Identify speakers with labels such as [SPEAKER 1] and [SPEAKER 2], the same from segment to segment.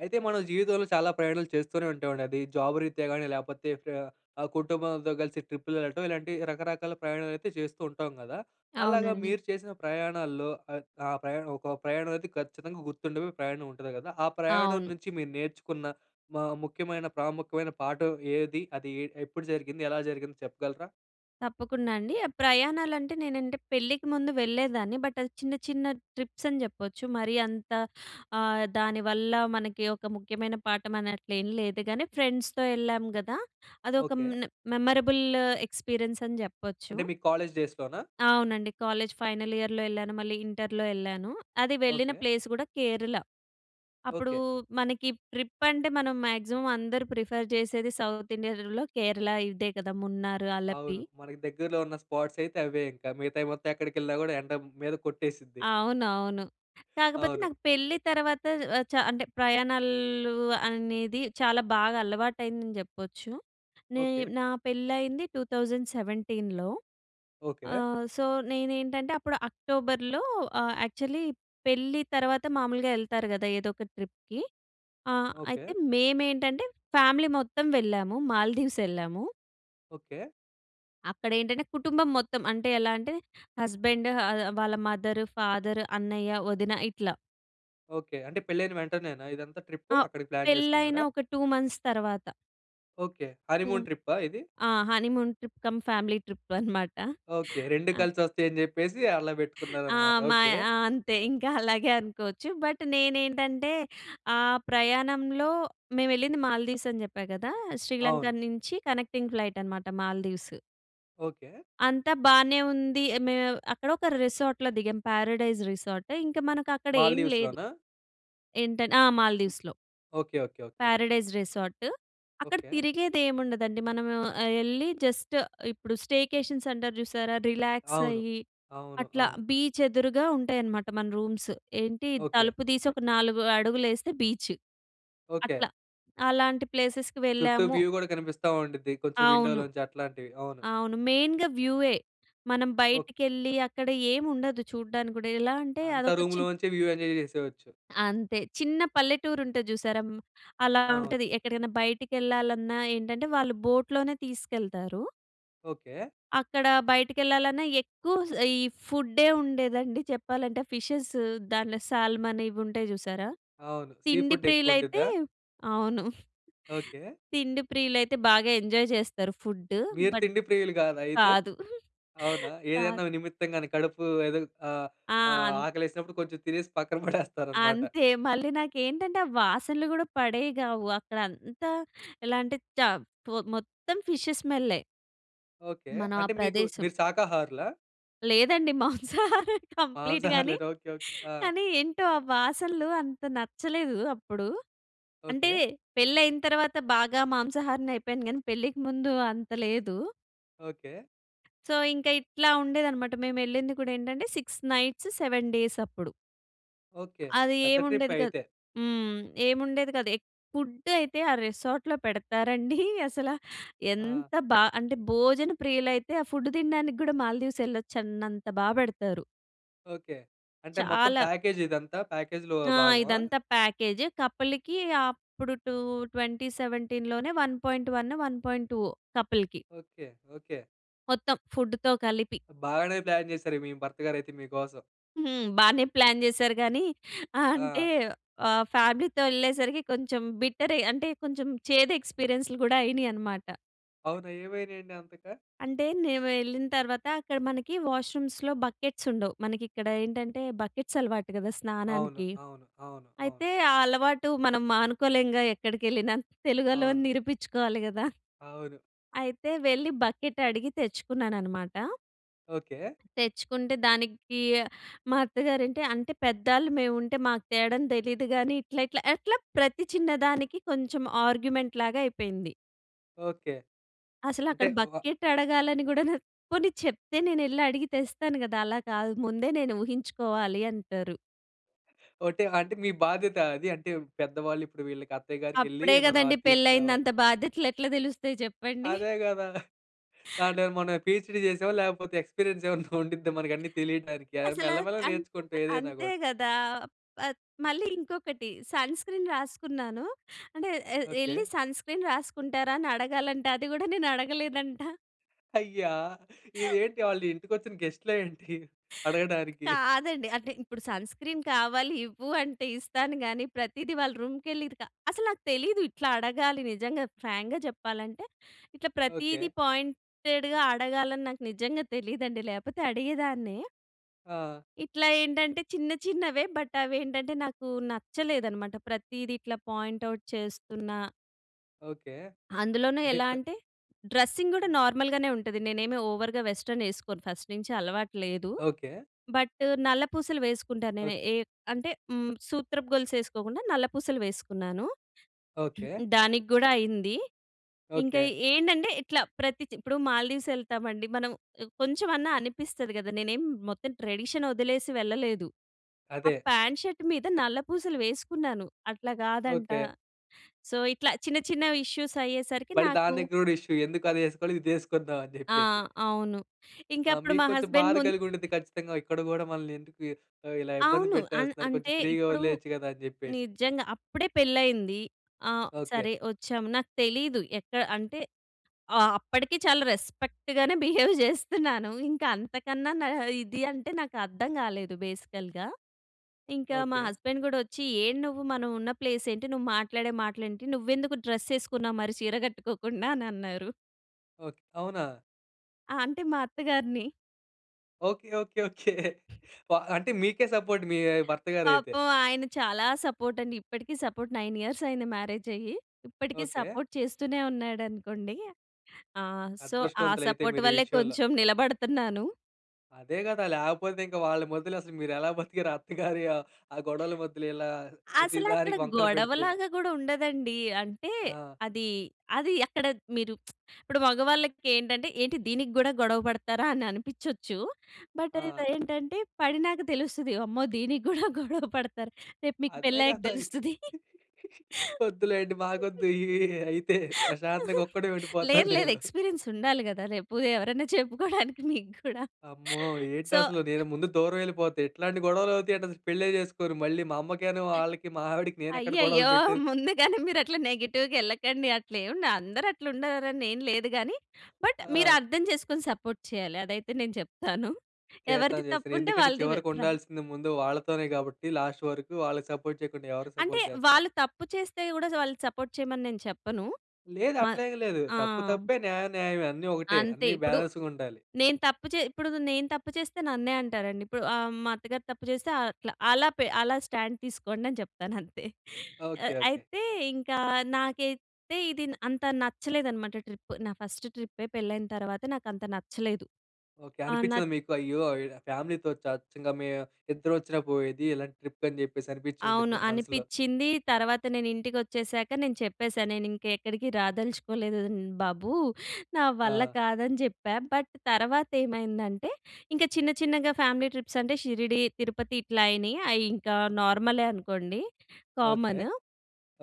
[SPEAKER 1] అయితే మనం జీవితంలో చాలా ప్రయాణాలు చేస్తూనే ఉంటామండి. అది జాబ్ రీత్యా గానీ లేకపోతే ప్యా కుటుంబంతో కలిసి ట్రిప్‌లెళ్ళటం. ఇలాంటి రకరకాల ప్రయాణాలు అయితే చేస్తూ ఉంటాం కదా! అలాగా
[SPEAKER 2] అవునండి.
[SPEAKER 1] మీరు చేసిన ప్రయాణాల్లో ఆహ్, ఆ ప్రయాణం ఒక ప్రయాణం అయితే ఖచ్చితంగా గుర్తుండే ప్రయాణం ఉంటుంది కదా! ఆ ప్రయాణం
[SPEAKER 2] అవును.
[SPEAKER 1] నుంచి మీరు నేర్చుకున్న మా ముఖ్యమైన ప్రాముఖ్యమైన పాఠం ఏది? అది ఎ ఎప్పుడు జరిగింది? ఎలా జరిగింది చెప్పగలరా?
[SPEAKER 2] తప్పకుండా అండి. ప్రయాణాలంటే నేనంటే పెళ్ళికి ముందు వెళ్ళేదాన్ని. బట్ అది చిన్న చిన్న ట్రిప్స్ అని చెప్పొచ్చు. మరీ అంత ఆహ్, దానివల్ల మనకి ఒక ముఖ్యమైన పాఠం అనట్లు ఏమి లేదు గానీ ఫ్రెండ్స్‌తో ఎళ్ళాం కదా! అదొక మ్
[SPEAKER 1] ఓకే.
[SPEAKER 2] మెమరబుల్ ఎక్స్‌పీరియన్స్ అని చెప్పొచ్చు.
[SPEAKER 1] అంటే మీ కాలేజ్ డేస్‌లోనా?
[SPEAKER 2] అవునండి. కాలేజ్ ఫైనల్ ఇయర్‍లో వెళ్ళాను. మళ్ళీ ఇంటర్‍లో ఎళ్ళాను. అది వెళ్ళిన
[SPEAKER 1] ఓకే.
[SPEAKER 2] ప్లేస్ కూడా కేరళ. అప్పుడూ
[SPEAKER 1] ఓకే.
[SPEAKER 2] మనకి ట్రిప్ అంటే మనం మాక్సిమమ్ అందరు ప్రిఫర్ చేసేది సౌత్ ఇండియలో కేరళ ఇదే కదా! మున్నారు, అలపి.
[SPEAKER 1] అవును. మనకి దగ్గరలో ఉన్న స్పాట్స్ అయితే అవే ఇంక. మిగతావి మొత్తం ఎక్కడికెళ్ళినా కూడా ఎండ మీద కొట్టేసిద్ది.
[SPEAKER 2] అవునవును. కాకపోతే
[SPEAKER 1] అవును.
[SPEAKER 2] నాకు పెళ్ళి తర్వాత ఆహ్ చ అంటే ప్రయాణాలు అనేది చాలా బాగా అలవాటయిందని చెప్పొచ్చు. నే
[SPEAKER 1] ఓకే.
[SPEAKER 2] నా పెళ్లి అయింది 2017.
[SPEAKER 1] ఓకే.
[SPEAKER 2] ఆహ్ సో నేనేంటంటే అప్పుడు అక్టోబర్‌లో ఆహ్, యాక్చల్లీ పెళ్లి తర్వాత మామూలుగా ఎళ్తారు కదా! ఏదొక ట్రిప్‌కి. ఆహ్,
[SPEAKER 1] ఓకే.
[SPEAKER 2] అయితే మేమేంటంటే ఫ్యామిలీ మొత్తం వెళ్ళాము. మాల్దీవ్స్ ఎళ్ళాము.
[SPEAKER 1] ఓకే.
[SPEAKER 2] అక్కడ ఏంటంటే కుటుంబం మొత్తం అంటే, ఎలా అంటే హస్బెండ్ హ ఆహ్, వాళ్ళ మదర్ ఫాదర్ అన్నయ్య, వదిన ఇట్లా.
[SPEAKER 1] ఓకే. అంటే పెళ్లి అయిన వెంటనేనా ఇదంతా, ట్రిప్
[SPEAKER 2] ఆహ్,
[SPEAKER 1] అక్కడికి ప్లాన్
[SPEAKER 2] పెళ్ళైన
[SPEAKER 1] చేసుకున్నారా?
[SPEAKER 2] ఒక 2 మంత్స్ తర్వాత.
[SPEAKER 1] ఓకే.
[SPEAKER 2] టూం
[SPEAKER 1] హానీమూన్ ట్రిప్పా ఇది.
[SPEAKER 2] ఆ! Honeymoon trip come family trip అనమాట
[SPEAKER 1] ఓకే. 2
[SPEAKER 2] ఆ!
[SPEAKER 1] కలిసి వస్తాయని చెప్పేసి అలా
[SPEAKER 2] ఆ!
[SPEAKER 1] పెట్టుకున్నారనమాట.
[SPEAKER 2] మా
[SPEAKER 1] ఓకే.
[SPEAKER 2] ఆ! అంతే ఇంకా అలాగే అనుకోవచ్చు. బట్ నేనేంటంటే ఆ ప్రయాణంలో మేమెళ్ళింది మాల్దీవ్స్ అని చెప్పా కదా! శ్రీలంక
[SPEAKER 1] అవును.
[SPEAKER 2] నుంచి కనెక్టింగ్ ఫ్లైటనమాట మాల్దీవ్స్.
[SPEAKER 1] ఓకే.
[SPEAKER 2] అంతా బానే ఉంది, మేము అక్కడ ఒక రిసార్ట్‌లో దిగాం. Paradise resort. ఇంక మనకక్కడ ఏమి లేదు.
[SPEAKER 1] మాల్దీవ్స్‌లోనా?
[SPEAKER 2] ఏంటం ఆ! మాల్దీవ్స్‌లో.
[SPEAKER 1] Okay. Okay. Okay.
[SPEAKER 2] Paradise resort. అక్కడ
[SPEAKER 1] ఓకే.
[SPEAKER 2] తిరిగేది ఏముండదండి. మనము ఆహ్, ఎళ్ళి జస్ట్ ఇప్పుడు స్టేకేషన్స్ అంటారు చూసారా, రిలాక్స్
[SPEAKER 1] అవును.
[SPEAKER 2] అయ్యి
[SPEAKER 1] అవును.
[SPEAKER 2] అట్లా
[SPEAKER 1] అవును.
[SPEAKER 2] బీచ్ ఎదురుగా ఉంటాయన్నమాట మన రూమ్స్. ఏంటి
[SPEAKER 1] ఓకే.
[SPEAKER 2] తలుపు తీసి ఒక 4 అడుగులు ఏస్తే బీచ్,
[SPEAKER 1] ఓకే.
[SPEAKER 2] అట్లా. అలాంటి ప్లేసెస్‍కి
[SPEAKER 1] చుట్టూ
[SPEAKER 2] వెళ్ళాము.
[SPEAKER 1] వ్యూ కూడా కనిపిస్తా ఉండిద్ది. కొంచెం
[SPEAKER 2] అవును.
[SPEAKER 1] విండోలోంచి అట్లాంటివి అవును.
[SPEAKER 2] అవును. మెయిన్‌గా వ్యూయే. మనం
[SPEAKER 1] ఓకే.
[SPEAKER 2] బయటికెళ్ళి అక్కడ ఏముండదు చూడ్డానికి కూడా. ఎలా అంటే
[SPEAKER 1] అంతా
[SPEAKER 2] అదొక చి
[SPEAKER 1] రూమ్‌లోంచే వ్యూ ఎంజాయ్ చేసేవచ్చు.
[SPEAKER 2] అంతే. చిన్న పల్లెటూరు ఉంటది చూసారా హ్మ్. అలా
[SPEAKER 1] అవును.
[SPEAKER 2] ఉంటది. ఎక్కడికైనా బయటికెళ్ళాలన్నా ఏంటంటే వాళ్ళు బోట్‌లోనే తీసుకెళ్తారు.
[SPEAKER 1] ఓకే.
[SPEAKER 2] అక్కడ బయటికి వెళ్ళాలన్నా ఎక్కువ స్ ఈ ఫుడ్ ఉండేదండి చెప్పాలంటే ఫిషెస్ దాంట్ల సాల్‌మాన్ ఇవి ఉంటాయి చూసారా!
[SPEAKER 1] అవును సీ
[SPEAKER 2] తిండి
[SPEAKER 1] ఫుడ్ ఎక్కువ
[SPEAKER 2] ప్రియులు అయితే,
[SPEAKER 1] ఉండ్డిదా?
[SPEAKER 2] అవును.
[SPEAKER 1] ఓకే.
[SPEAKER 2] తిండి ప్రియులైతే బాగా ఎంజాయ్ చేస్తారు ఫుడ్డు.
[SPEAKER 1] మీరు
[SPEAKER 2] బట్
[SPEAKER 1] తిండి ప్రియులు కాదా అయితే?
[SPEAKER 2] కాదు.
[SPEAKER 1] అవునా
[SPEAKER 2] కాద్
[SPEAKER 1] ఏదైనా నిమిత్తంగా కడుపు ఏదుగ్ ఆహ్,
[SPEAKER 2] ఆ!
[SPEAKER 1] ఆహ్,
[SPEAKER 2] ఆన్
[SPEAKER 1] ఆకలి వేసినప్పుడు కొంచెం తినేసి పక్కన పడేస్తారన్నమాట.
[SPEAKER 2] అంతే మళ్ళీ నాకేంటంటే ఆ వాసనలు కూడా పడేవి గావు అక్కడ అంతా ఎలాంటే [unintelligible] మొత్తం ఫిషేస్ స్మెల్లే...
[SPEAKER 1] ఓకే.
[SPEAKER 2] మనం ఆ
[SPEAKER 1] అంటే మీకు
[SPEAKER 2] ప్రదేశం.
[SPEAKER 1] మీరు శాకాహారులా?
[SPEAKER 2] లేదండి మాంసాహారం కంప్లీట్ గానే
[SPEAKER 1] మాంసాహారులేనా! Okay okay. ఆ!
[SPEAKER 2] కానీ ఏంటో ఆ వాసనలు అంత నచ్చలేదు అప్పుడు. అంటే
[SPEAKER 1] ఓకే.
[SPEAKER 2] పెళ్లి అయిన తర్వాత బాగా మాంసాహారిని అయిపోయాను కానీ పెళ్ళికి ముందు అంత లేదు.
[SPEAKER 1] ఓకే.
[SPEAKER 2] సో, ఇంక ఇట్లా ఉండేది అన్నమాట! మేమెళ్ళింది కూడా ఏంటంటే 6 నైట్స్, 7 డేస్ అప్పుడు.
[SPEAKER 1] ఓకే.
[SPEAKER 2] అది
[SPEAKER 1] పెద్ద ట్రిప్పే
[SPEAKER 2] ఏముండేది కాదు.
[SPEAKER 1] అయితే.
[SPEAKER 2] హ్మ్. ఏముండేది కాదు. ఎప్ ఫుడ్ అయితే ఆ రిసార్ట్‌లో పెడతారండి అసలు
[SPEAKER 1] ఆ!
[SPEAKER 2] ఎంత బా అంటే భోజన ప్రియులైతే ఆ ఫుడ్ తినడానికి కూడా మాల్దీవ్స్ వెళ్ళొచ్చన్నంత బాగా పెడతారు.
[SPEAKER 1] ఓకె. అంటే మొత్తం
[SPEAKER 2] చాలా.
[SPEAKER 1] ప్యాకేజిదంతా, ప్యాకేజ్‌‌లో
[SPEAKER 2] ఆ!
[SPEAKER 1] భాగమా?
[SPEAKER 2] ఇదంతా ప్యాకేజ్. కపుల్‌కి అప్పుడు 2, 2017 లోనే, 1.1, 1.2వో కపుల్‌కి.
[SPEAKER 1] ఓకె. ఓకె.
[SPEAKER 2] మొత్తం ఫుడ్‌తో కలిపి.
[SPEAKER 1] బాగానే ప్లాన్ చేసారు. మీ భర్తగారు అయితే మీకోసం.
[SPEAKER 2] హ్మ్. బానే ప్లాన్ చేసారు గానీ, అంటే,
[SPEAKER 1] ఆ!
[SPEAKER 2] ఆహ్, ఫ్యామిలీతో ఎళ్ళేసరికి కొంచెం బిట్టరే, అంటే, కొంచెం చేదు ఎక్స్పీరియన్స్‌లు కూడా అయినయన్నమాట.
[SPEAKER 1] అవునా? ఏమై‌నై‌యండి అంతగా?
[SPEAKER 2] అంటే, మేము వెళ్ళిన తర్వాత అక్కడ, మనకి వాష్‌రూమ్స్‌లో బకెట్స్ ఉండవు. మనకి ఇక్కడ ఏంటంటే, బకెట్స్ అలవాటు కదా!
[SPEAKER 1] అవును.
[SPEAKER 2] స్నానానికి.
[SPEAKER 1] అవును. అవును. అవును.
[SPEAKER 2] అయితే, ఆ అలవాటు మనం మానుకోలేముగా! ఎక్కడికెళ్ళిన, తెలుగొళ్ళమని
[SPEAKER 1] అవును.
[SPEAKER 2] నిరూపించుకోవాలి కదా!
[SPEAKER 1] అవును.
[SPEAKER 2] అయితే, వెళ్ళి బకెట్ అడిగి తెచ్చుకున్నాననమాట.
[SPEAKER 1] ఓకె.
[SPEAKER 2] తెచ్చుకుంటే, దానికి మా అత్తగారు అంటే, అంటే పెద్దళ్ళు మేముంటే, మాకు తేవడం తెలీదు గాని, ఇట్లా, ఇట్లా, అట్లా ప్రతి చిన్న దానికి కొంచెం ఆర్గ్యుమెంట్‌ లాగ అయిపోయింది.
[SPEAKER 1] ఓకె.
[SPEAKER 2] అసలు
[SPEAKER 1] అంటే
[SPEAKER 2] అక్కడ
[SPEAKER 1] వా
[SPEAKER 2] బకెట్ అడగాలని కూడా, నా పోని చెప్తే, నేనెళ్ళి అడిగి తెస్తాను కదా! అలా కాదు. ముందే నేను ఊహించుకోవాలి అంటారు.
[SPEAKER 1] ఓ టైం అంటే మీ బాధ్యత అది. అంటే పెద్దవాళ్ళు ఇప్పుడు వీళ్ళకి అత్తయ్య గారికెళ్లి
[SPEAKER 2] అప్పుడే
[SPEAKER 1] మనం
[SPEAKER 2] కదండీ
[SPEAKER 1] అది
[SPEAKER 2] పెళ్లయింది.
[SPEAKER 1] తీసుకురావాలి.
[SPEAKER 2] అంత బాధ్యతలు ఎట్లా తెలుస్తాయి చెప్పండి?
[SPEAKER 1] అదే కదా! దాంట్లో మనమేమైన పిహెచ్డి చేసామా లేకపోతే ఎక్స్పీరియన్స్ ఎమన్నా ఉండిద్దా, మనకి అన్నీ తెలియడానికి.
[SPEAKER 2] అసలా,
[SPEAKER 1] మెల్ల మెల్లగా
[SPEAKER 2] అంతె
[SPEAKER 1] నేర్చుకుంటాం ఏదైనా
[SPEAKER 2] అంతే
[SPEAKER 1] కూడా.
[SPEAKER 2] కదా! ఆహ్, మళ్ళీ ఇంకొకటి సన్క్రీన్ రాసుకున్నాను. అంటే ఎ
[SPEAKER 1] ఓకె.
[SPEAKER 2] ఎళ్ళి సన్క్రీన్ రాసుకుంటారా? అని అడగాలంట. అది కూడా నేను అడగలేదంట.
[SPEAKER 1] అయ్యా! ఇదేంటి వాళ్ళు ఇంటికొచ్చిన గెస్ట్‌లా ఏంటి అడగడానికి?
[SPEAKER 2] కాదండి అంటే ఇప్పుడు సన్క్రీన్ కావాలి ఇవ్వు అంటే ఇస్తాను కానీ. ప్రతిది వాళ్ళ రూమ్‌కి వెళ్ళి ఇది క అసలు నాకు తెలియదు ఇట్లా అడగాలి నిజంగా, ఫ్రాంక్‌గా చెప్పాలంటే. ఇట్లా
[SPEAKER 1] ఓకె.
[SPEAKER 2] ప్రతీది పాయింటెడ్‌గా అడగాలని నాకు నిజంగా తెలియదండి. లేకపోతే అడిగేదాన్నే.
[SPEAKER 1] ఆ!
[SPEAKER 2] ఇట్లా ఏంటంటే చిన్న చిన్నవే. బట్ అవి ఏంటంటే నాకు నచ్చలేదన్నమాట ప్రతీది ఇట్లా పాయింట్ ఔట్ చేస్తున్నా.
[SPEAKER 1] ఓకె.
[SPEAKER 2] అందులోనే
[SPEAKER 1] అంటే
[SPEAKER 2] ఎలా
[SPEAKER 1] ఇప్
[SPEAKER 2] అంటే, డ్రెస్సింగ్ కూడా నార్మల్‍గానే ఉంటది. నేనేమి ఓవర్‌గా వెస్టర్న్ వేసుకోను. ఫస్ట్ నుంచి అలవాటు లేదు.
[SPEAKER 1] ఓకె.
[SPEAKER 2] బట్, నల్ల పూసలు వేసుకుంటాను.
[SPEAKER 1] ఓకె.
[SPEAKER 2] నేను ఏ అంటే సూత్రపు గొలుసు వేసుకోకుండా, నల్ల పూసలు వేసుకున్నాను.
[SPEAKER 1] ఓకె.
[SPEAKER 2] దానికి కూడా అయింది. ఇంకా
[SPEAKER 1] ఓకె.
[SPEAKER 2] ఏంటంటే ఇట్లా ప్రతిది, ఇప్పుడు మాల్దీవ్స్ ఎళ్తామండి. మనం కొంచెమన్నా అనిపిస్తుంది కదా! నేనేం మొత్తం ట్రెడిషన్ వదిలేసి వెళ్ళలేదు. ఆ
[SPEAKER 1] అదే.
[SPEAKER 2] ప్యాంట్, షర్ట్ మీద నల్ల పూసలు వేసుకున్నాను అట్లా కాదంట.
[SPEAKER 1] ఓకె.
[SPEAKER 2] సో ఇట్లా చిన్న, చిన్న ఇష్యూస్ అయ్యేసరికి
[SPEAKER 1] మళ్ళి
[SPEAKER 2] నాకు
[SPEAKER 1] దాని దగ్గర కూడా ఇష్యూ ఎందుకు చేసుకోవాలి ఇది చేసుకుందాం అని
[SPEAKER 2] ఆ!
[SPEAKER 1] చెప్పేసి.
[SPEAKER 2] అవును. ఇంక
[SPEAKER 1] అ!
[SPEAKER 2] అప్పుడు
[SPEAKER 1] మీకు
[SPEAKER 2] మా
[SPEAKER 1] కొంచెం
[SPEAKER 2] హస్బండ్
[SPEAKER 1] బాధ
[SPEAKER 2] మున్
[SPEAKER 1] కలిగి ఉంటుంది ఖచ్చితంగా. ఇక్కడ గూడా మనల్ని ఎందుకు ఇలా ఇబ్బంది
[SPEAKER 2] అవును. అన్
[SPEAKER 1] పెట్టేస్తున్నారు. కొంచెం
[SPEAKER 2] అంటే
[SPEAKER 1] ఫ్రీగా
[SPEAKER 2] ఇప్పుడు,
[SPEAKER 1] వదిలేయొచ్చు కదా! అని చెప్పేసి.
[SPEAKER 2] నిజంగా. అప్పుడే పెళ్ళయింది. ఆ!
[SPEAKER 1] ఓకె.
[SPEAKER 2] సరే వచ్చాం నాకు తెలీదు. ఎక్కడ, అంటే ఆ! అప్పటికి చాలా రెస్పెక్ట్‌గానే బిహేవ్ చేస్తున్నాను, ఇంక అంతకన్నా ఇది అంటే నాకు అర్థం కాలేదు బేసికల్‌గా. ఇంకా మా
[SPEAKER 1] ఓకె.
[SPEAKER 2] హస్బాండ్ కూడా వచ్చి "ఏం నువ్వు మనం ఉన్న ప్లేస్ ఏంటి? నువ్వు మాట్లాడే మాటలు ఏంటి? నువ్వెందుకు డ్రెస్ వేసుకున్నావ్ మరి చీర కట్టుకోకుండా?" అని అన్నారు.
[SPEAKER 1] ఓకే. అవునా?
[SPEAKER 2] ఆ! అంటే మా అత్తగారిని
[SPEAKER 1] ఓకే. ఓకే. ఓకే. బ అంటే మీకే సపోర్ట్ మీ భర్తగారు అయితే.
[SPEAKER 2] పాపం ఆయన చాలా సపోర్ట్ అండి. ఇప్పటికి సపోర్ట్ నైన్ ఇయర్స్ అయ్యింది. మ్యారేజ్ అయ్యి. ఇప్పటికి
[SPEAKER 1] ఓకే.
[SPEAKER 2] సపోర్ట్ చేస్తూనే ఉన్నాడనుకోండి. ఆ! సో, ఆ
[SPEAKER 1] అదృష్టవంతులైతే
[SPEAKER 2] సపోర్ట్
[SPEAKER 1] మీరు ఈ
[SPEAKER 2] వల్లే
[SPEAKER 1] విషయంలో.
[SPEAKER 2] కొంచెం నిలబడుతున్నాను.
[SPEAKER 1] అదే కదా! లేకపోతే ఇంకా వాళ్ళ మధ్యలో అసలు మీరు ఎలా బతికారు. అత్తగారి ఆ గొడవల మధ్యలో ఇలా
[SPEAKER 2] అసలు అక్కడ
[SPEAKER 1] ప్రతిదానికి వంకలు
[SPEAKER 2] గొడవ
[SPEAKER 1] పెడితే.
[SPEAKER 2] లాగా గుడా ఉండదండి. అంటే
[SPEAKER 1] ఆ!
[SPEAKER 2] అది అది అక్కడ మీరు ఇప్పుడు మగవాళ్ళకి ఏంటంటే ఏంటి దీనికి కూడా గొడవ పడతారా అని అనిపించొచ్చు. బట్
[SPEAKER 1] ఆ!
[SPEAKER 2] ఏంటంటే పడినాక తెలుస్తది అమ్మో! దీనికి కూడా గొడవ పడతారు. రేపు మీకు
[SPEAKER 1] అదే
[SPEAKER 2] పెళ్ళి అయ్యాక
[SPEAKER 1] కదా!
[SPEAKER 2] తెలుస్తది.
[SPEAKER 1] వద్దులేండి. మాకొద్దు ఈ అయితే ప్రశాంతంగా ఒక్కడే
[SPEAKER 2] లేదు.
[SPEAKER 1] ఉండిపోతాను
[SPEAKER 2] లేదు.
[SPEAKER 1] నేను.
[SPEAKER 2] ఎక్స్‌పీరియెన్స్ ఉండాలి కదా. రేపు ఎవరైనా చెప్పుకోవడానికి మీకు కూడా.
[SPEAKER 1] అమ్మో! ఏంటి
[SPEAKER 2] సో
[SPEAKER 1] అసలు నేను ముందు దూరం ఎళ్ళిపోతే. ఎట్లాంటి గొడవలు అవుతాయి అంటే పెళ్లి చేసుకొను. మళ్ళీ మా అమ్మకిను వాళ్ళకి మా ఆవిడకి నేను ఎక్కడ గొడవలు
[SPEAKER 2] అయ్యయ్యో!
[SPEAKER 1] పెట్టే
[SPEAKER 2] ముందుగానే మీరు అట్లా నెగెటివ్‌గా ఎళ్ళకండి. అట్లా ఎం ఉండ అందరు అట్లా ఉండాలని ఏం లేదుగాని, బట్ మీరు
[SPEAKER 1] ఆ!
[SPEAKER 2] అర్థం చేసుకొని సపోర్ట్ చేయాలి. అదైతే నేను చెప్తాను. ఎవరిది
[SPEAKER 1] చేస్తాను. చేస్తాను.
[SPEAKER 2] తప్పుంటే
[SPEAKER 1] ఎందుకంటే
[SPEAKER 2] వాళ్ళది.
[SPEAKER 1] చివరికి
[SPEAKER 2] ప్రాం
[SPEAKER 1] ఉండాల్సింది ముందు వాళ్ళతోనే కాబట్టి లాస్ట్ వరకు వాళ్ళకి సపోర్ట్ చేయకుండా ఎవరు
[SPEAKER 2] అంటే
[SPEAKER 1] సపోర్ట్ చేస్తారు.
[SPEAKER 2] వాళ్ళు తప్పు చేస్తే కూడా వాళ్ళని సపోర్ట్ చేయమని నేను చెప్పను.
[SPEAKER 1] లేదు.
[SPEAKER 2] మ
[SPEAKER 1] అట్లా ఏమి లేదు.
[SPEAKER 2] ఆ!
[SPEAKER 1] తప్పు తప్పే న్యాయం న్యాయమే. అన్ని ఒకటే.
[SPEAKER 2] అంతే
[SPEAKER 1] అన్ని
[SPEAKER 2] ఇప్పుడు.
[SPEAKER 1] బ్యాలెన్స్‌గ ఉండాలి.
[SPEAKER 2] నేను తప్పు చే ఇప్పుడు నేను తప్పు చేస్తే నన్నే అంటారండి. ఇప్పుడు ఆహ్, మా అత్తగారు తప్పు చేస్తే అట్లా అలా పె అలా స్టాండ్ తీసుకోండి. అని చెప్తాను అంతే.
[SPEAKER 1] ఓకే. ఓకే.
[SPEAKER 2] అయితే ఇంకా నాకైతే ఇది అంతా నచ్చలేదన్నమాట. ట్రిప్. నా ఫస్ట్ ట్రిప్పే పెళ్ళయిన తర్వాత నాకు అంతా నచ్చలేదు.
[SPEAKER 1] ఓకే.
[SPEAKER 2] ఆ! న
[SPEAKER 1] అనిపించిందా మీకు అయ్యో! ఇడా ఫ్యామిలీతో టార్చర్ మేం ఇద్దరు వచ్చిన పోయేది. ఇలాంటి ట్రిప్‌కి అని చెప్పేసి. అనిపించి
[SPEAKER 2] అవును.
[SPEAKER 1] ఉండిద్ది మనసులో.
[SPEAKER 2] అనిపిచింది. తర్వాత నేను ఇంటికొచ్చేసాక నేను చెప్పేసా. నేను ఇంకా ఎక్కడికి రాదలుచుకోలేదు. హ్మ్. బాబు. నా వల్ల
[SPEAKER 1] ఆ!
[SPEAKER 2] కాదని చెప్పా. బట్ తర్వాత ఏమైందంటే ఇంకా చిన్న చిన్నగా ఫ్యామిలీ ట్రిప్స్ అంటే షిరిడీ తిరుపతి ఇట్లా అయినాయి. అయి ఇంకా నార్మలే అనుకోండి.
[SPEAKER 1] ఓకే.
[SPEAKER 2] కామన్.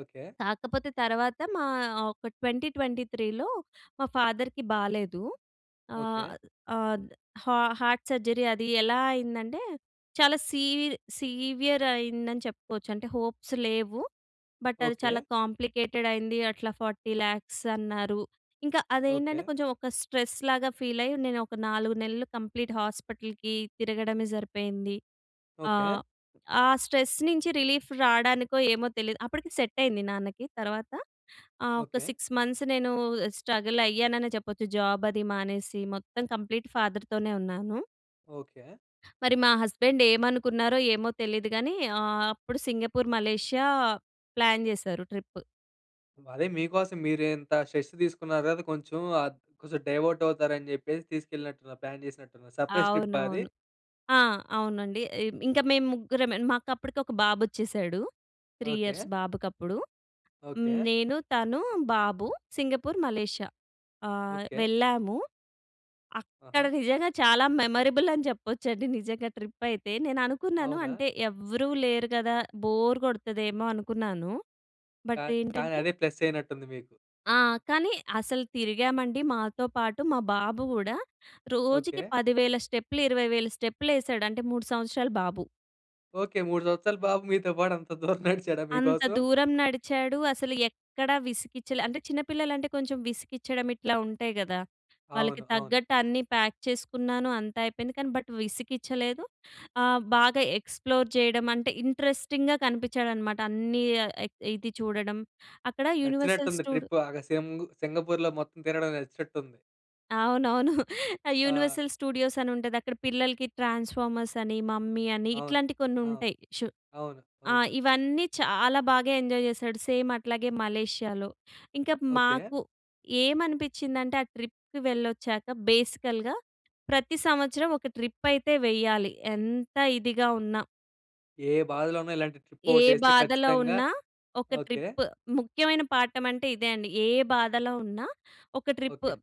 [SPEAKER 1] ఓకే.
[SPEAKER 2] కాకపోతే తర్వాత మా ఒక 2023లో మా ఫాదర్‌కి బాలేదు.
[SPEAKER 1] ఓకే.
[SPEAKER 2] ఆహ్, ఆహ్, హ హార్ట్ సర్జరీ అది ఎలా అయిందంటే, చాలా సీ సీవియర్ అయిందని చెప్పుకోవచ్చు. అంటే హోప్స్ లేవు. బట్ అది
[SPEAKER 1] ఓకే.
[SPEAKER 2] చాలా కాంప్లికేటెడ్ అయింది. అట్లా 4000000 అన్నారు. ఇంకా అదే ఏంటంటే
[SPEAKER 1] ఓకే.
[SPEAKER 2] కొంచెం ఒక స్ట్రెస్‌లాగా ఫీల్ అయ్యి, నేను ఒక 4 నెలలు కంప్లీట్ హాస్పిటల్‌కి తిరగడమే సరిపోయింది.
[SPEAKER 1] ఓకే.
[SPEAKER 2] ఆహ్, ఆహ్, స్ట్రెస్ నుంచి రిలీఫ్ రావడానికో ఏమో తెలీదు. అప్పటికి సెట్ అయింది నాన్నకి. తర్వాత ఆహ్, ఒక
[SPEAKER 1] ఓకే.
[SPEAKER 2] 6 మంత్స్ నేను స్ట్రగల్ అయ్యాననె చెప్పొచ్చు. జాబ్ అది మానేసి మొత్తం కంప్లీట్ ఫాదర్‌తోనే ఉన్నాను.
[SPEAKER 1] ఓకే.
[SPEAKER 2] మరి మా హస్బెండ్ ఏమనుకున్నారో ఏమో తెలీదు గానీ ఆహ్, అప్పుడు సింగపూర్, మలేషియా ప్లాన్ జేసారు ట్రిప్.
[SPEAKER 1] అదే మీకోసం మీరు ఇంత స్ట్రెస్ తీసుకున్నారుగా అది కొంచెం ఆహ్, కొంచెం డైవర్ట్ అవుతారని చెప్పేసి తీసుకెళ్ళినట్టున్నారు. ప్లాన్ చేసినట్టున్నారు. సర్ప్రైస్ ట్రిప్పా అది?
[SPEAKER 2] అవునవును. ఆ! అవునండి. ఆహ్, ఇంకా మేము ముగ్గురమే. మాకు అప్పటికి ఒక బాబు వచ్చేసాడు. 3 ఇయర్స్
[SPEAKER 1] ఓకే.
[SPEAKER 2] బాబుకప్పుడు. హ్మ్,
[SPEAKER 1] ఓకే.
[SPEAKER 2] నేను, తను, బాబు సింగపూర్, మలేషియా. ఆ!
[SPEAKER 1] ఓకే.
[SPEAKER 2] వెళ్ళాము. అక్కడ
[SPEAKER 1] ఆహా!
[SPEAKER 2] నిజంగా చాలా మెమొరబుల్ అని జెప్పొచ్చండి. నిజంగా ట్రిప్ అయితే నేను అనుకున్నాను
[SPEAKER 1] అవునా?
[SPEAKER 2] అంటే ఎవ్వరు లేరు గదా! బోర్ కొడతదేమో అనుకున్నాను.
[SPEAKER 1] కా
[SPEAKER 2] బట్
[SPEAKER 1] కానీ
[SPEAKER 2] ఏంటంటే
[SPEAKER 1] అదే ప్లస్ అయినట్టుంది మీకు.
[SPEAKER 2] ఆ! కానీ అసలు తిరిగామండి మాతో పాటు మా బాబు గూడా రోజుకి
[SPEAKER 1] ఓకే.
[SPEAKER 2] 10 వేల స్టెప్‌లు, 20 వేల స్టెప్‌లు యేసాడు. అంటే 3 సంవత్సరాల బాబు.
[SPEAKER 1] ఓకే. 3 సంవత్సరాల బాబు మీతో పాటు అంత దూరం నడిచాడా
[SPEAKER 2] అంత
[SPEAKER 1] మీకోసం?
[SPEAKER 2] దూరం నడిచాడు. అసలు ఎక్కడ విసిగిచ్చలే. అంటే చిన్న పిల్లలంటే కొంచెం విసిగిచ్చడం ఇట్లా ఉంటాయి గదా! వాళ్ళకి
[SPEAKER 1] అవును. అవును.
[SPEAKER 2] తగ్గట్టు అన్నీ ప్యాక్ చేసుకున్నాను. అంతా అయిపోయింది కానీ బట్ విసిగించలేదు. ఆ! బాగా ఎక్స్‌ప్లోర్ చేయడం అంటే ఇంట్రెస్టింగ్‍గా కనిపిచ్చాడనమాట అన్నీ ఆహ్, ఇది చూడడం అక్కడ యూనివర్సల్
[SPEAKER 1] నచ్చినట్టుంది.
[SPEAKER 2] స్టూడ్
[SPEAKER 1] ట్రిప్ బాగా సింగ్ సింగపూర్‌లో మొత్తం తిరగడం నచ్చినట్టుంది.
[SPEAKER 2] అవునవును.
[SPEAKER 1] ఆ!
[SPEAKER 2] యూనివర్సల్ స్టూడియోస్ అని ఉంటాది. అక్కడ పిల్లలకి ట్రాన్స్‌ఫార్మర్స్ అని, మమ్మీ అని
[SPEAKER 1] అవును.
[SPEAKER 2] ఇట్లాంటి కొన్ని
[SPEAKER 1] ఆ!
[SPEAKER 2] ఉంటాయి. చు
[SPEAKER 1] అవును. అవును.
[SPEAKER 2] ఆహ్, ఇవన్నీ చాలా బాగా ఎంజాయ్ చేసాడు. సేమ్ అట్లాగే మలేషియాలో. ఇంకా
[SPEAKER 1] ఓకే.
[SPEAKER 2] మాకు ఏమనిపించిందంటే, ఆ ట్రిప్‌ వెళ్ళొచ్చాక. బేసికల్‌గా ప్రతి సంవత్సరం ఒక ట్రిప్ అయితే వెయ్యాలి. ఎంత ఇదిగా ఉన్నా...
[SPEAKER 1] ఏ బాధలో ఉన్న ఇలాంటి ట్రిప్
[SPEAKER 2] ఏ
[SPEAKER 1] ఒకటి వేస్తే
[SPEAKER 2] బాధలో
[SPEAKER 1] ఖచ్చితంగా
[SPEAKER 2] ఉన్నా ఒక
[SPEAKER 1] ఓకే.
[SPEAKER 2] ట్రిప్ ముఖ్యమైన పాఠం అంటే ఇదే అండి. ఏ బాధలో ఉన్నా ఒక ట్రిప్.
[SPEAKER 1] ఓకే.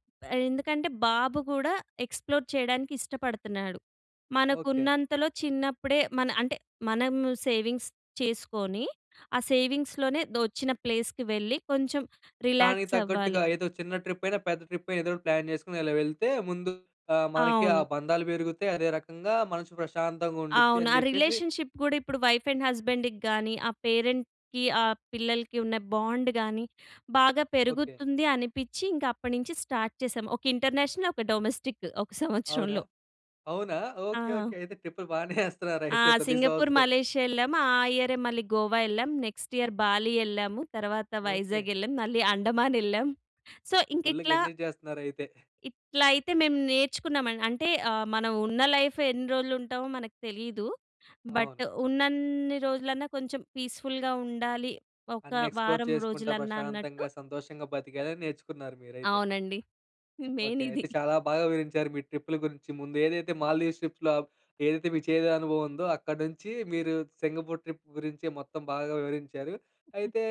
[SPEAKER 2] ఎందుకంటే బాబు కూడా ఎక్స్‌ప్లోర్ చేయడానికి ఇష్టపడుతున్నాడు.
[SPEAKER 1] ఓకే.
[SPEAKER 2] మనకున్నంతలో చిన్నప్పుడే మన అంటే మనము సేవింగ్స్ చేసుకొని, ఆ సేవింగ్స్‌లోనే దొ వచ్చిన ప్లేస్‍కి వెళ్ళి కొంచెం
[SPEAKER 1] దానికి
[SPEAKER 2] రిలాక్స్
[SPEAKER 1] తగ్గట్టుగా
[SPEAKER 2] అవ్వాలి.
[SPEAKER 1] ఏదో చిన్న ట్రిప్ అయినా, పెద్ద ట్రిప్ ఏదో ఒకటి ప్లాన్ చేసుకొని ఇలా వెళ్తే ముందు ఆహ్, మనకి ఆ
[SPEAKER 2] అవును.
[SPEAKER 1] బంధాలు పెరుగుతాయి అదే రకంగా మనసు ప్రశాంతంగా ఉండుద్ది
[SPEAKER 2] అవును.
[SPEAKER 1] అని
[SPEAKER 2] ఆ
[SPEAKER 1] చెప్పేసి
[SPEAKER 2] రిలేషన్‌షిప్ కూడా ఇప్పుడు వైఫ్ అండ్ హస్బాండ్‌కి గాని, ఆ పేరెంట్‌కి ఆ పిల్లలకి ఉన్న బాండ్ గాని, బాగా
[SPEAKER 1] ఓకే.
[SPEAKER 2] పెరుగుతుంది అనిపించి, ఇంక అప్పటినుంచి స్టార్ట్ చేసాం. ఒక ఇంటర్నేషనల్ ఒక డొమెస్టిక్ ఒక
[SPEAKER 1] అవునా!
[SPEAKER 2] సంవత్సరంలో.
[SPEAKER 1] అవునా! ఓకే. ఓకే.
[SPEAKER 2] ఆ!
[SPEAKER 1] అయితే ట్రిప్‌లు బానే ఏస్తున్నారు
[SPEAKER 2] ఆ!
[SPEAKER 1] అయితే ప్రతి
[SPEAKER 2] సింగపూర్,
[SPEAKER 1] సంవత్సరం.
[SPEAKER 2] మలేషియా ఎళ్ళాము. ఆ ఇయరే మళ్ళీ గోవా ఎళ్ళాం, నెక్స్ట్ ఇయర్ బాలి ఎళ్ళాము, తర్వాత
[SPEAKER 1] ఓకే.
[SPEAKER 2] వైజాగ్ ఎళ్ళాం, మళ్ళీ అండమాన్ ఎళ్ళాం. సో, ఇంక
[SPEAKER 1] ఫుల్‌గా
[SPEAKER 2] ఇట్లా...
[SPEAKER 1] ఎంజాయ్ చేస్తున్నారు అయితే.
[SPEAKER 2] ఇట్లైతే మేము నేర్చుకున్నామ. అంటే ఆహ్, మనం ఉన్న లైఫ్ ఎన్ని రోజులు ఉంటామో మనకు తెలీదు. బట్,
[SPEAKER 1] అవును.
[SPEAKER 2] ఉన్నన్ని రోజులున్నా కొంచెం పీస్‌ఫుల్‌గా ఉండాలి. ఒక
[SPEAKER 1] అన్నీ ఎక్స్‌ప్లోర్
[SPEAKER 2] వారం
[SPEAKER 1] చేసుకుంటా,
[SPEAKER 2] రోజులన్నా అన్నట్టు
[SPEAKER 1] ప్రశాంతంగా సంతోషంగా, బ్రతికెడం నేర్చుకున్నారు మీరైతే.
[SPEAKER 2] అవునండి. Main
[SPEAKER 1] okay.
[SPEAKER 2] ఇది.
[SPEAKER 1] అయితే చాలా బాగా వివరించారు. మీ ట్రిప్పుల గురించి ముందు ఏదైతే మాల్‌దివ్స్ ట్రిప్స్‌లో ఏదైతే మీకు చేదు అనుభవం ఉందో, అక్కడి నుంచి మీరు సింగపూర్ ట్రిప్ గురించి మొత్తం బాగా వివరించారు. అయితే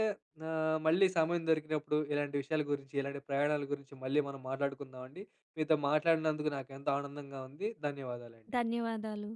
[SPEAKER 1] ఆహ్, మళ్ళీ సమయం దొరికినప్పుడు ఇలాంటి విషయాల గురించి, ఇలాంటి ప్రయాణాల గురించి, మళ్ళీ మనం మాట్లాడుకుందాం అండి. మీతో మాట్లాడినందుకు నాకు ఎంత ఆనందంగా ఉంది. ధన్యవాదాలండి.
[SPEAKER 2] ధన్యవాదాలు.